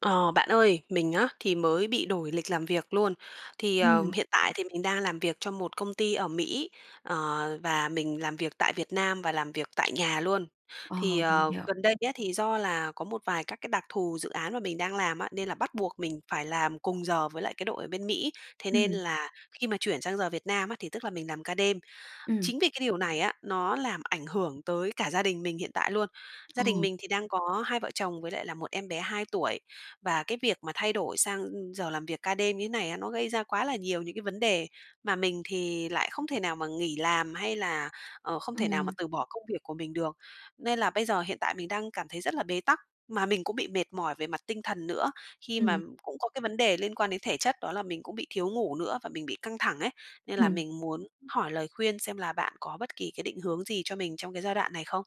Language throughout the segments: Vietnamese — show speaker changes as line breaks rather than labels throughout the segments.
Ờ, bạn ơi, mình á, thì mới bị đổi lịch làm việc luôn, thì, ờ,
Ừm.
hiện tại thì mình đang làm việc cho một công ty ở Mỹ, ờ, và mình làm việc tại Việt Nam và làm việc tại nhà luôn.
Ờ,
Thì,
mình
ờ,
hiểu.
gần đây á, thì do là có một vài các cái đặc thù dự án mà mình đang làm á, nên là bắt buộc mình phải làm cùng giờ với lại cái đội ở bên Mỹ, thế nên
Ừm.
là khi mà chuyển sang giờ Việt Nam á, thì tức là mình làm ca đêm.
Ừm.
Chính vì cái điều này á, nó làm ảnh hưởng tới cả gia đình mình hiện tại luôn, gia đình
Ồ.
mình thì đang có hai vợ chồng với lại là một em bé 2 tuổi, và cái việc mà thay đổi sang giờ làm việc ca đêm như thế này á, nó gây ra quá là nhiều những cái vấn đề mà mình thì lại không thể nào mà nghỉ làm hay là, ờ, không thể nào mà
Ừm.
từ bỏ công việc của mình được. Nên là bây giờ hiện tại mình đang cảm thấy rất là bế tắc, mà mình cũng bị mệt mỏi về mặt tinh thần nữa, khi mà
Ừm.
cũng có cái vấn đề liên quan đến thể chất đó là mình cũng bị thiếu ngủ nữa và mình bị căng thẳng ấy. Nên là
Ừm.
mình muốn hỏi lời khuyên xem là bạn có bất kỳ cái định hướng gì cho mình trong cái giai đoạn này không?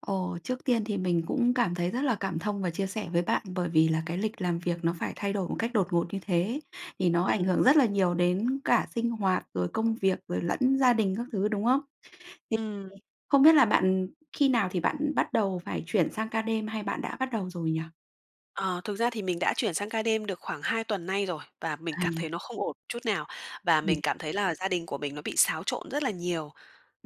Ồ, trước tiên thì mình cũng cảm thấy rất là cảm thông và chia sẻ với bạn, bởi vì là cái lịch làm việc nó phải thay đổi một cách đột ngột như thế thì nó ảnh hưởng
Ừm.
rất là nhiều đến cả sinh hoạt, rồi công việc, rồi lẫn gia đình các thứ đúng không?
Ừm.
Không biết là bạn khi nào thì bạn bắt đầu phải chuyển sang ca đêm hay bạn đã bắt đầu rồi nhỉ?
Ờ, thực ra thì mình đã chuyển sang ca đêm được khoảng 2 tuần nay rồi, và mình cảm thấy
À.
nó không ổn chút nào. Và
Ừm.
mình cảm thấy là gia đình của mình nó bị xáo trộn rất là nhiều.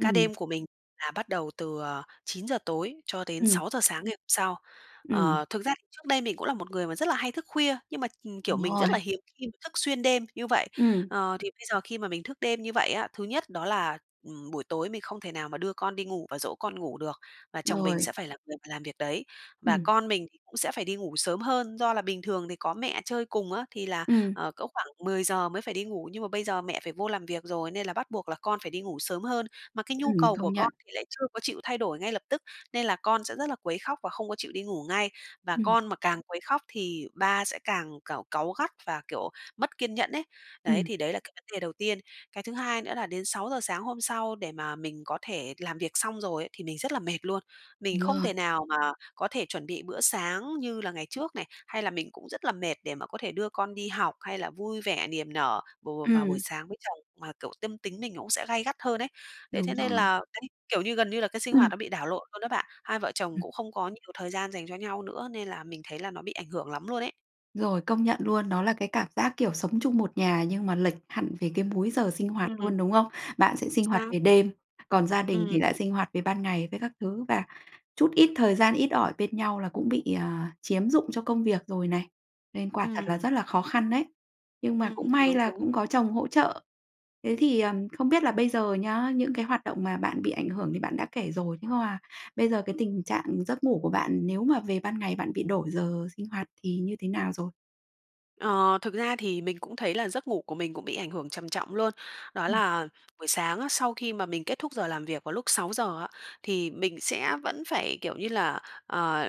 Ca đêm của mình là bắt đầu từ, ờ, 9:00 tối cho đến
Ừm.
6:00 sáng ngày hôm sau.
Ừm.
Ờ, thực ra thì trước đây mình cũng là một người mà rất là hay thức khuya, nhưng mà, kiểu,
Đúng
mình rất
rồi.
là hiếm khi mà thức xuyên đêm như vậy.
Ừm!
Ờ, thì bây giờ khi mà mình thức đêm như vậy á, thứ nhất đó là, ừm, buổi tối mình không thể nào mà đưa con đi ngủ và dỗ con ngủ được, và chồng mình
Rồi.
sẽ phải là người mà làm việc đấy. Và
Ừm.
con mình thì cũng sẽ phải đi ngủ sớm hơn, do là bình thường thì có mẹ chơi cùng á, thì là,
Ừm.
ờ, cỡ khoảng 10:00 mới phải đi ngủ. Nhưng mà bây giờ mẹ phải vô làm việc rồi, nên là bắt buộc là con phải đi ngủ sớm hơn. Mà cái nhu
Ừm,
cầu của
công
con
nhận.
thì lại chưa có chịu thay đổi ngay lập tức, nên là con sẽ rất là quấy khóc và không có chịu đi ngủ ngay, và
Ừm.
con mà càng quấy khóc thì ba sẽ càng, cảu cáu gắt và, kiểu, mất kiên nhẫn ấy. Đấy,
Ừm.
thì đấy là cái vấn đề đầu tiên. Cái thứ hai nữa là đến 6:00 sáng hôm sau để mà mình có thể làm việc xong rồi ấy, thì mình rất là mệt luôn. Mình
Đúng
không
rồi.
thể nào mà có thể chuẩn bị bữa sáng như là ngày trước này, hay là mình cũng rất là mệt để mà có thể đưa con đi học hay là vui vẻ niềm nở vào vào vào buổi
Ừm.
sáng với chồng, mà kiểu tâm tính mình nó cũng sẽ gay gắt hơn ấy. Đấy, thế
Đúng
nên
rồi.
là đấy, kiểu như gần như là cái sinh hoạt
Ừm.
nó bị đảo lộn luôn đó bạn. Hai vợ chồng
Ừm.
cũng không có nhiều thời gian dành cho nhau nữa, nên là mình thấy là nó bị ảnh hưởng lắm luôn ấy.
Rồi, công nhận luôn. Đó là cái cảm giác, kiểu, sống chung một nhà nhưng mà lệch hẳn về cái múi giờ sinh hoạt
Ừm.
luôn, đúng không? Bạn sẽ sinh hoạt
Sao?
về đêm, còn gia đình
Ừm.
thì lại sinh hoạt về ban ngày với các thứ, và chút ít thời gian ít ỏi bên nhau là cũng bị, ờ, chiếm dụng cho công việc rồi này. Nên quả thật là
Ừm.
rất là khó khăn đấy. Nhưng mà
Ừm,
cũng may
đúng,
là
đúng.
cũng có chồng hỗ trợ. Thế thì, ừm, không biết là bây giờ nhá, những cái hoạt động mà bạn bị ảnh hưởng thì bạn đã kể rồi, nhưng mà bây giờ cái tình trạng giấc ngủ của bạn nếu mà về ban ngày bạn bị đổi giờ sinh hoạt thì như thế nào rồi?
Ờ, thực ra thì mình cũng thấy là giấc ngủ của mình cũng bị ảnh hưởng trầm trọng luôn, đó
Ừm.
là buổi sáng á, sau khi mà mình kết thúc giờ làm việc vào lúc 6:00 á, thì mình sẽ vẫn phải, kiểu như là, ờ,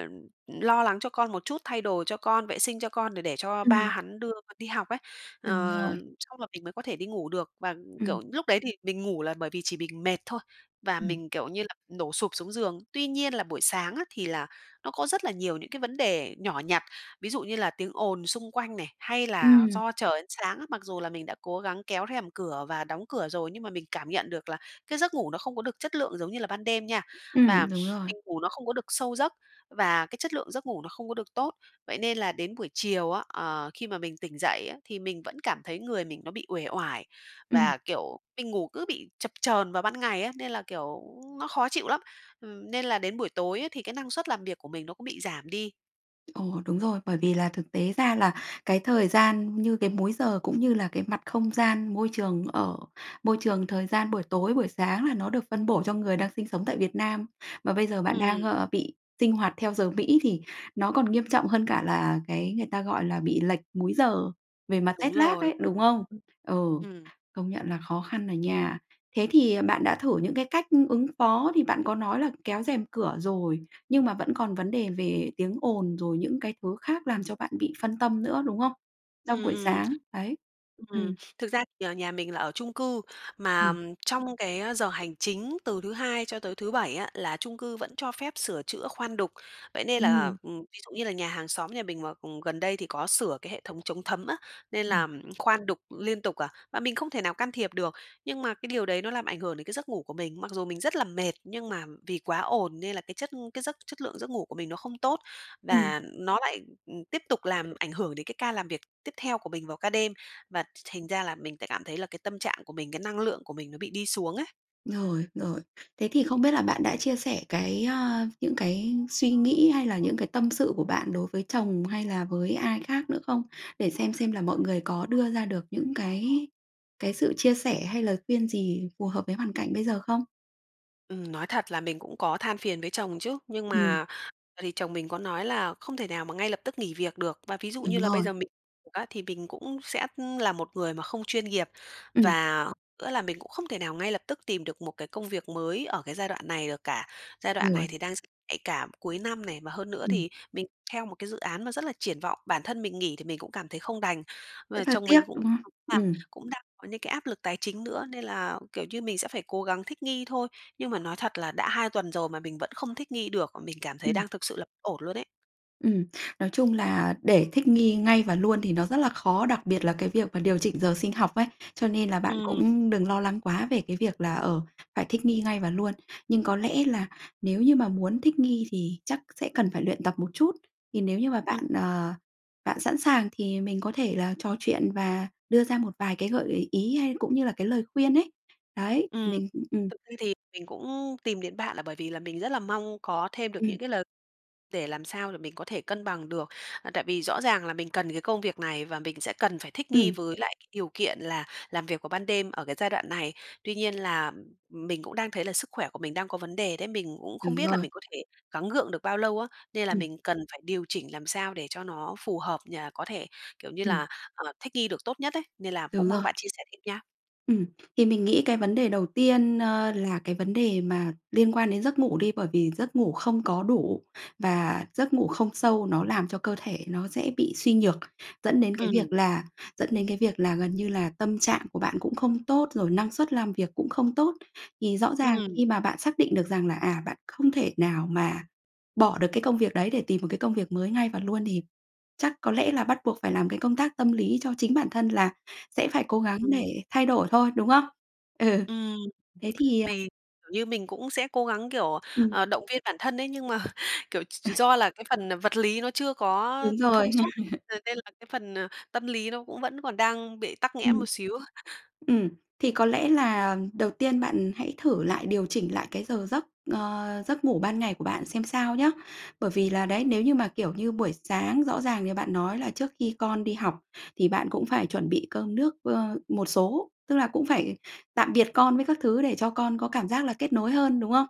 lo lắng cho con một chút, thay đồ cho con, vệ sinh cho con để để cho ba
Ừm.
hắn đưa đi học ấy. Ờ,
Đúng rồi.
xong là mình mới có thể đi ngủ được, và
Ừm.
kiểu, lúc đấy thì mình ngủ là bởi vì chỉ mình mệt thôi, và
Ừm.
mình kiểu như là đổ sụp xuống giường. Tuy nhiên là buổi sáng á, thì là nó có rất là nhiều những cái vấn đề nhỏ nhặt, ví dụ như là tiếng ồn xung quanh này, hay là
Ừm.
do trời sáng á, mặc dù là mình đã cố gắng kéo rèm cửa và đóng cửa rồi, nhưng mà mình cảm nhận được là cái giấc ngủ nó không có được chất lượng giống như là ban đêm nha, và
Ừm, đúng rồi.
mình ngủ nó không có được sâu giấc và cái chất lượng giấc ngủ nó không có được tốt. Vậy nên là đến buổi chiều á, ờ, khi mà mình tỉnh dậy á, thì mình vẫn cảm thấy người mình nó bị uể oải
Ừm.
và, kiểu, mình ngủ cứ bị chập chờn vào ban ngày á, nên là, kiểu, nó khó chịu lắm, nên là đến buổi tối ấy thì cái năng suất làm việc của mình nó cũng bị giảm đi.
Ồ, đúng rồi. Bởi vì là, thực tế ra là cái thời gian như cái múi giờ, cũng như là cái mặt không gian môi trường ở môi trường thời gian buổi tối, buổi sáng là nó được phân bổ cho người đang sinh sống tại Việt Nam, mà bây giờ bạn đang,
Ừm.
ờ, bị sinh hoạt theo giờ Mỹ thì nó còn nghiêm trọng hơn cả là cái người ta gọi là bị lệch múi giờ về mặt téc
Đúng
lác
rồi.
ấy, đúng không? Ừ,
Ừ, ừm.
công nhận là khó khăn à nha. Thế thì, à, bạn đã thử những cái cách ứng phó thì bạn có nói là kéo rèm cửa rồi, nhưng mà vẫn còn vấn đề về tiếng ồn, rồi những cái thứ khác làm cho bạn bị phân tâm nữa, đúng không? Trong
Ừm,
buổi
ừm.
sáng, đấy.
Ừm,
Ừm.
thực ra thì nhà mình là ở chung cư, mà
Ừm.
trong cái giờ hành chính từ thứ Hai cho tới thứ Bảy á, là chung cư vẫn cho phép sửa chữa, khoan đục. Vậy nên là,
Ừm.
ừm, ví dụ như là nhà hàng xóm nhà mình mà, ừm, gần đây thì có sửa cái hệ thống chống thấm á, nên
Ừm.
là khoan đục liên tục à, mà mình không thể nào can thiệp được. Nhưng mà cái điều đấy nó làm ảnh hưởng đến cái giấc ngủ của mình, mặc dù mình rất là mệt, nhưng mà vì quá ồn nên là cái chất cái giấc chất lượng giấc ngủ của mình nó không tốt,
Ừm.
và nó lại, ừm, tiếp tục làm ảnh hưởng đến cái ca làm việc tiếp theo của mình vào ca đêm, và th thành ra là mình sẽ cảm thấy là cái tâm trạng của mình, cái năng lượng của mình nó bị đi xuống ấy.
Rồi, rồi. Thế thì không biết là bạn đã chia sẻ cái, ơ, những cái suy nghĩ hay là những cái tâm sự của bạn đối với chồng hay là với ai khác nữa không? Để xem xem là mọi người có đưa ra được những cái cái sự chia sẻ hay lời khuyên gì phù hợp với hoàn cảnh bây giờ không?
Ừm. Nói thật là mình cũng có than phiền với chồng chứ, nhưng
Ừm.
mà thì chồng mình có nói là không thể nào mà ngay lập tức nghỉ việc được. Và ví dụ như
Đúng
là bây
rồi.
giờ mình việc á, thì mình cũng sẽ là một người mà không chuyên nghiệp.
Ừm.
Và nữa là mình cũng không thể nào ngay lập tức tìm được một cái công việc mới ở cái giai đoạn này được cả, giai đoạn này
Rồi.
thì đang rất nhạy cảm, cuối năm này. Và hơn nữa
Ừm.
thì mình theo một cái dự án mà rất là triển vọng, bản thân mình nghỉ thì mình cũng cảm thấy không đành. Và
Rất là
chồng
tiếc,
mình cũng
đúng không?
nói là
Ừm.
cũng đang có những cái áp lực tài chính nữa, nên là, kiểu như, mình sẽ phải cố gắng thích nghi thôi. Nhưng mà nói thật là đã 2 tuần rồi mà mình vẫn không thích nghi được, và mình cảm thấy
Ừm.
đang thực sự là b ổn luôn ấy.
Ừm. Nói chung là để thích nghi ngay và luôn thì nó rất là khó, đặc biệt là cái việc mà điều chỉnh giờ sinh học ấy, cho nên là bạn
Ừm.
cũng đừng lo lắng quá về cái việc là, ờ, phải thích nghi ngay và luôn. Nhưng có lẽ là nếu như mà muốn thích nghi thì chắc sẽ cần phải luyện tập một chút. Thì nếu như mà
Ừm.
bạn, ờ, bạn sẵn sàng thì mình có thể là trò chuyện và đưa ra một vài cái gợi ý hay cũng như là cái lời khuyên ấy. Đấy,
Ừm.
mình cũng ừm.
Thực ra thì mình cũng tìm đến bạn là bởi vì là mình rất là mong có thêm được
Ừm.
những cái lời để làm sao để mình có thể cân bằng được. À, tại vì rõ ràng là mình cần cái công việc này và mình sẽ cần phải thích nghi
Ừm.
với lại cái điều kiện là làm việc vào ban đêm ở cái giai đoạn này. Tuy nhiên là mình cũng đang thấy là sức khỏe của mình đang có vấn đề đấy, mình cũng không
Đúng
biết là
rồi.
mình có thể gắng gượng được bao lâu á, nên là
Ừm.
mình cần phải điều chỉnh làm sao để cho nó phù hợp nh có thể, kiểu như
Ừm.
là, ờ, thích nghi được tốt nhất ấy, nên là cũng
Đúng
mong
rồi.
bạn chia sẻ thêm nha.
Ừm, thì mình nghĩ cái vấn đề đầu tiên, ơ, là cái vấn đề mà liên quan đến giấc ngủ đi, bởi vì giấc ngủ không có đủ và giấc ngủ không sâu nó làm cho cơ thể nó dễ bị suy nhược, dẫn đến cái việc
Ừm.
là dẫn đến cái việc là gần như là tâm trạng của bạn cũng không tốt, rồi năng suất làm việc cũng không tốt. Thì rõ ràng
Ừm.
khi mà bạn xác định được rằng là, à, bạn không thể nào mà bỏ được cái công việc đấy để tìm một cái công việc mới ngay và luôn thì chắc có lẽ là bắt buộc phải làm cái công tác tâm lý cho chính bản thân là sẽ phải cố gắng để
Ừm.
thay đổi thôi, đúng không? Ừ,
Ừm,
thế thì ờ
thì kiểu như mình cũng sẽ cố gắng, kiểu,
Ừm.
ờ, động viên bản thân ấy, nhưng mà, kiểu, ch do là cái phần vật lý nó chưa có
Đúng rồi.
thông suốt, là nên là cái phần tâm lý nó cũng vẫn còn đang bị tắc nghẽn
Ừm.
một xíu.
Ừm, thì có lẽ là đầu tiên bạn hãy thử lại, điều chỉnh lại cái giờ giấc, ờ, giấc ngủ ban ngày của bạn xem sao nhá. Bởi vì là, đấy, nếu như mà, kiểu như buổi sáng rõ ràng như bạn nói là trước khi con đi học, thì bạn cũng phải chuẩn bị cơm nước, ơ, một số, tức là cũng phải tạm biệt con với các thứ, để cho con có cảm giác là kết nối hơn, đúng không?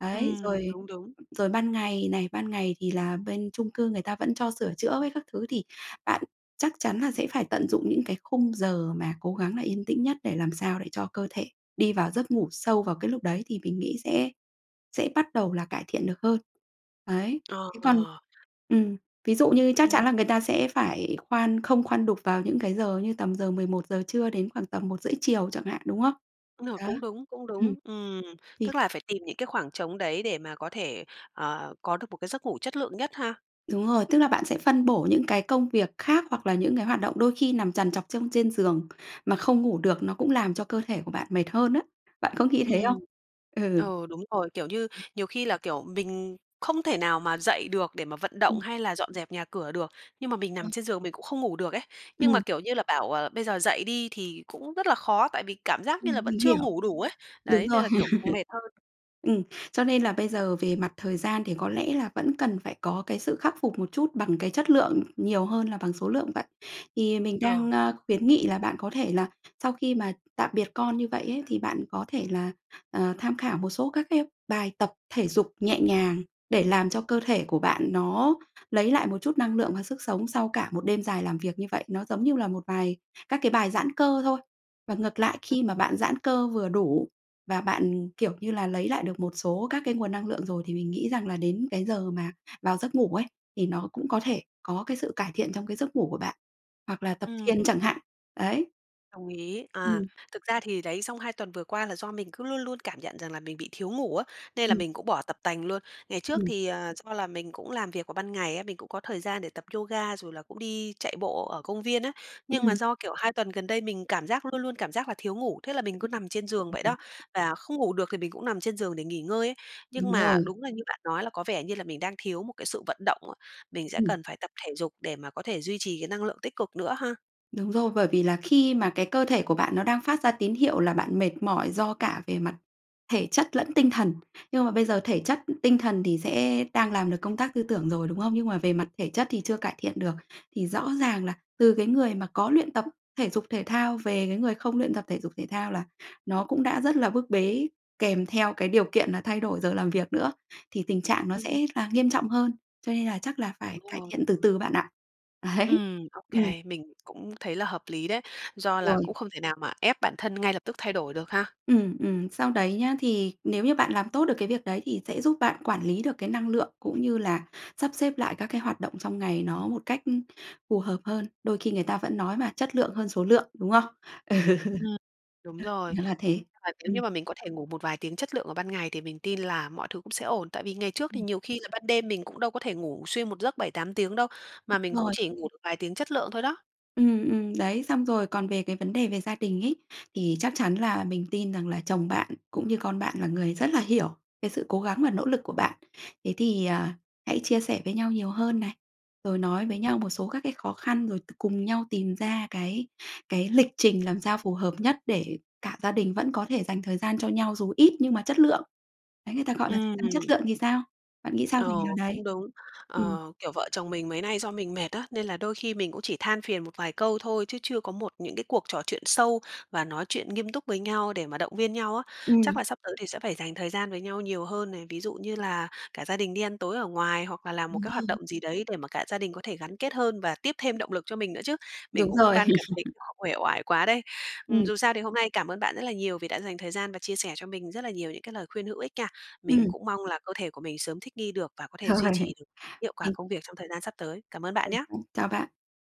Đấy,
Ừm,
rồi
đúng, đúng.
rồi ban ngày này, ban ngày thì là bên chung cư người ta vẫn cho sửa chữa với các thứ thì bạn chắc chắn là sẽ phải tận dụng những cái khung giờ mà cố gắng là yên tĩnh nhất để làm sao để cho cơ thể đi vào giấc ngủ sâu vào cái lúc đấy, thì mình nghĩ sẽ sẽ bắt đầu là cải thiện được hơn. Đấy, thế còn
Ờ.
ừm, ví dụ như chắc
Ừm.
chắn là người ta sẽ phải khoan không khoan đục vào những cái giờ như tầm giờ 11:00 trưa đến khoảng tầm 1:30 chiều chẳng hạn, đúng không?
Đúng rồi,
Đó,
cũng đúng, cũng
ừm,
đúng. Ừm,
thì
tức là phải tìm những cái khoảng trống đấy để mà có thể, ờ, có được một cái giấc ngủ chất lượng nhất ha.
Đúng rồi, tức là bạn sẽ phân bổ những cái công việc khác hoặc là những cái hoạt động đôi khi nằm trằn trọc trong trên giường, mà không ngủ được, nó cũng làm cho cơ thể của bạn mệt hơn á. Bạn có nghĩ thế
Ừm.
không? Ừ.
Ờ, đúng rồi, kiểu như, nhiều khi là, kiểu, mình không thể nào mà dậy được để mà vận động
Ừ.
hay là dọn dẹp nhà cửa được, nhưng mà
Đúng
mình nằm
rồi.
trên giường mình cũng không ngủ được ấy, nhưng mà,
Ừm.
kiểu như là, bảo, ờ, bây giờ dậy đi thì cũng rất là khó, tại vì cảm giác như
Ừm,
là vẫn
mình
chưa
hiểu.
ngủ đủ ấy.
Đúng
Đấy, nên
rồi.
là kiểu còn mệt hơn.
Ừm, cho nên là bây giờ về mặt thời gian thì có lẽ là vẫn cần phải có cái sự khắc phục một chút bằng cái chất lượng nhiều hơn là bằng số lượng vậy. Thì mình
Ờ.
đang, a, khuyến nghị là bạn có thể là sau khi mà tạm biệt con như vậy ấy, thì bạn có thể là, ờ, tham khảo một số các cái bài tập thể dục nhẹ nhàng để làm cho cơ thể của bạn nó lấy lại một chút năng lượng và sức sống sau cả một đêm dài làm việc như vậy, nó giống như là một vài các cái bài giãn cơ thôi. Và ngược lại,
Ừ.
khi mà bạn giãn cơ vừa đủ và bạn, kiểu như là, lấy lại được một số các cái nguồn năng lượng rồi thì mình nghĩ rằng là đến cái giờ mà vào giấc ngủ ấy, thì nó cũng có thể có cái sự cải thiện trong cái giấc ngủ của bạn, hoặc là tập
Ừm.
thiền chẳng hạn. Đấy.
Đồng ý. À,
Ừm.
thực ra thì, đấy, xong 2 tuần vừa qua là do mình cứ luôn luôn cảm nhận rằng là mình bị thiếu ngủ á, nên là
Ừm.
mình cũng bỏ tập tành luôn. Ngày trước
Ừm.
thì, à, do là mình cũng làm việc vào ban ngày á, mình cũng có thời gian để tập yoga, rồi là cũng đi chạy bộ ở công viên á. Nhưng mà,
Ừm.
do kiểu, 2 tuần gần đây mình cảm giác, luôn luôn cảm giác là thiếu ngủ, thế là mình cứ nằm trên giường vậy đó,
[unintelligible]
và không ngủ được thì mình cũng nằm trên giường để nghỉ ngơi ấy. Nhưng
Đúng
mà
rồi.
đúng là như bạn nói là có vẻ như là mình đang thiếu một cái sự vận động á, mình sẽ
Ừm.
cần phải tập thể dục để mà có thể duy trì cái năng lượng tích cực nữa ha.
Đúng rồi, bởi vì là khi mà cái cơ thể của bạn nó đang phát ra tín hiệu là bạn mệt mỏi do cả về mặt thể chất lẫn tinh thần. Nhưng mà bây giờ thể chất tinh thần thì sẽ đang làm được công tác tư tưởng rồi đúng không? Nhưng mà về mặt thể chất thì chưa cải thiện được, thì rõ ràng là từ cái người mà có luyện tập thể dục thể thao về cái người không luyện tập thể dục thể thao là nó cũng đã rất là bức bế kèm theo cái điều kiện là thay đổi giờ làm việc nữa, thì tình trạng nó
Ừm.
sẽ là nghiêm trọng hơn. Cho nên là chắc là phải
Đúng
cải
rồi.
thiện từ từ bạn ạ. Ấy,
Ừm, ô
ừm.
kê, mình cũng thấy là hợp lý đấy, do là
Rồi.
cũng không thể nào mà ép bản thân ngay lập tức thay đổi được ha.
Ừm, ừm. Sau đấy nhá, thì nếu như bạn làm tốt được cái việc đấy thì sẽ giúp bạn quản lý được cái năng lượng cũng như là sắp xếp lại các cái hoạt động trong ngày nó một cách phù hợp hơn, đôi khi người ta vẫn nói mà, chất lượng hơn số lượng, đúng không? Ừ.
Ừm. Đúng rồi.
Nó là thế.
Và nếu
Ừm.
như mà mình có thể ngủ một vài tiếng chất lượng vào ban ngày, thì mình tin là mọi thứ cũng sẽ ổn. Tại vì ngày trước thì
Ừm.
nhiều khi là ban đêm mình cũng đâu có thể ngủ xuyên một giấc 7-8 tiếng đâu, mà
Đúng
mình cũng
rồi.
chỉ ngủ được vài tiếng chất lượng thôi đó.
Ừm, ừm, đấy. Xong rồi còn về cái vấn đề về gia đình ấy, thì chắc chắn là mình tin rằng là chồng bạn cũng như con bạn là người rất là hiểu cái sự cố gắng và nỗ lực của bạn. Thế thì, à, hãy chia sẻ với nhau nhiều hơn này, rồi nói với nhau một số các cái khó khăn, rồi t cùng nhau tìm ra cái cái lịch trình làm sao phù hợp nhất để cả gia đình vẫn có thể dành thời gian cho nhau, dù ít nhưng mà chất lượng. Đấy người ta gọi là gian chất
Ừm.
lượng thì sao, bạn nghĩ sao về
Ờ,
điều đấy?
cũng đúng,
Ừm.
ờ, kiểu, vợ chồng mình mấy nay do mình mệt á, nên là đôi khi mình cũng chỉ than phiền một vài câu thôi, chứ chưa có một những cái cuộc trò chuyện sâu và nói chuyện nghiêm túc với nhau để mà động viên nhau á, chắc
Ừm.
là sắp tới thì sẽ phải dành thời gian với nhau nhiều hơn này. Ví dụ như là cả gia đình đi ăn tối ở ngoài hoặc là làm một
Đúng
cái hoạt
rồi.
động gì đấy để mà cả gia đình có thể gắn kết hơn và tiếp thêm động lực cho mình nữa chứ, mình
Đúng
cũng
rồi.
ban cảm thấy quá uể oải quá đấy. Ừm,
Ừm.
dù sao thì hôm nay cảm ơn bạn rất là nhiều vì đã dành thời gian và chia sẻ cho mình rất là nhiều những cái lời khuyên hữu ích nha. Mình
Ừm.
cũng mong là cơ thể của mình sớm thích nghi được và có thể duy
Rồi.
trì được hiệu quả
Mình
công việc trong thời gian sắp tới. Cảm ơn bạn
Ừm
nhá.
hứm, chào bạn.